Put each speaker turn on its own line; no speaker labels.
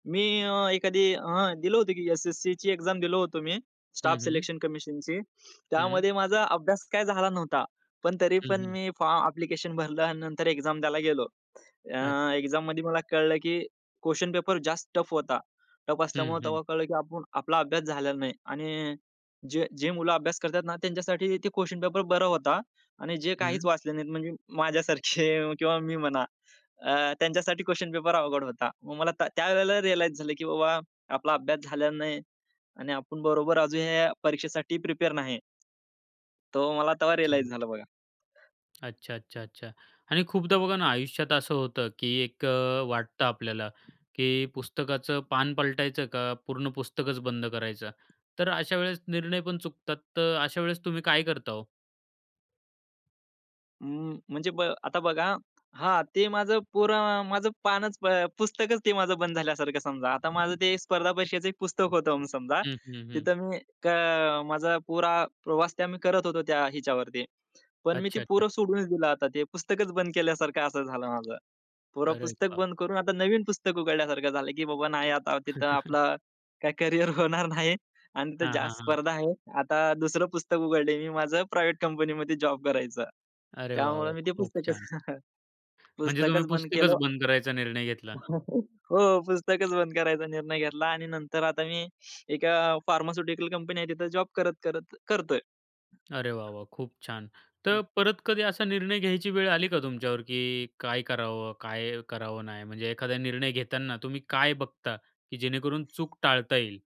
मी अ, एखादी हं. दिलं होतं की एस-एस-सीची एक्झाम दिलो होतो मी स्टाफ
हं, हं.
सिलेक्शन कमिशनची
हं.
त्यामध्ये माझा अभ्यास काय झाला नव्हता. पण तरी
हं,
पण
हं.
मी फॉर्म ॲप्लिकेशन भरलं अन् नंतर एक्झाम द्यायला गेलो. अ,
अच्छ
एक्झाम मध्ये मला कळलं, की क्वेशन पेपर जास्त टफ होता. टफ
हं,
असल्यामुळे
हं.
तेव्हा कळलं की आपण आपला अभ्यास झालेला नाही आणि जे जे मुलं अभ्यास करतात ना त्यांच्यासाठी ते क्वेशन पेपर बरा होता आणि जे काहीच
हं.
वाचले नाहीत म्हणजे माझ्यासारखे किंवा मी म्हणा. अ, त्यांच्यासाठी क्वेशन पेपर अवघड होता. मग मला त्या त्यावेळेला रिअलाइज झालं, की बाबा आपला अभ्यास झालेला नाही आणि आपण बरोबर अजून या परीक्षेसाठी प्रिपेअर नाही. तो मला तेव्हा
अच्छा.
रिअलाइज झालं बघा.
अच्छा, अच्छा, अच्छा आणि खूपदा बघा ना, आयुष्यात असं होतं की एक अ, वाटतं आपल्याला, की "पुस्तकाचं पान पलटायचं का पूर्ण पुस्तकच बंद करायचं?" तर अशा वेळेस निर्णय पण चुकतात तर अशा वेळेस तुम्ही काय करता हो?
अं, म्हणजे ब आता बघा हां, ते माझं पोरं माझं पानच प पुस्तकच ते माझं बंद झाल्यासारखं समजा आता माझं ते स्पर्धा परीक्षेचं एक पुस्तक होतं म्हणून समजा.
हं, हं, हं.
तिथं मी क माझा पुरा प्रवास ते आम्ही करत होतो त्या हिच्यावरती पण मी ते
अच्छा, अच्छा.
पुरं सोडूनच दिलं आता ते पुस्तकच बंद केल्यासारखं असं झालं माझं. पुरं
अरे
पुस्तक
वा!
बंद करून आता नवीन पुस्तक उघडल्यासारखं झालं, की बाबा नाही आता तिथं आपलं काय करियर होणार नाही अन् तिथं
हां, हां,
जास्त
हां.
स्पर्धा आहे. आता दुसरं पुस्तक उघडलंय मी माझं प्रायव्हेट कंपनी मध्ये जॉब करायचं.
अरे वाह!
त्यामुळे
वाह!
मी ते
खूप
पुस्तकच
छान. म्हणजे तुम्ही
पुस्तकच बंद
पुस्तकच
केलं.
बंद करायचा निर्णय घेतला.
हो, पुस्तकच बंद करायचा निर्णय घेतला आणि नंतर आता मी एका फार्मास्युटिकल कंपनी आहे तिथं जॉब करत-करत करतोय.
अरे वाह वाह! खूप छान!
हां.
तर परत कधी असा निर्णय घ्यायची वेळ आली का तुमच्यावर, की काय करावं? काय करावं नाही म्हणजे एखादा निर्णय घेताना तुम्ही काय बघता, की जेणेकरून चूक टाळता येईल?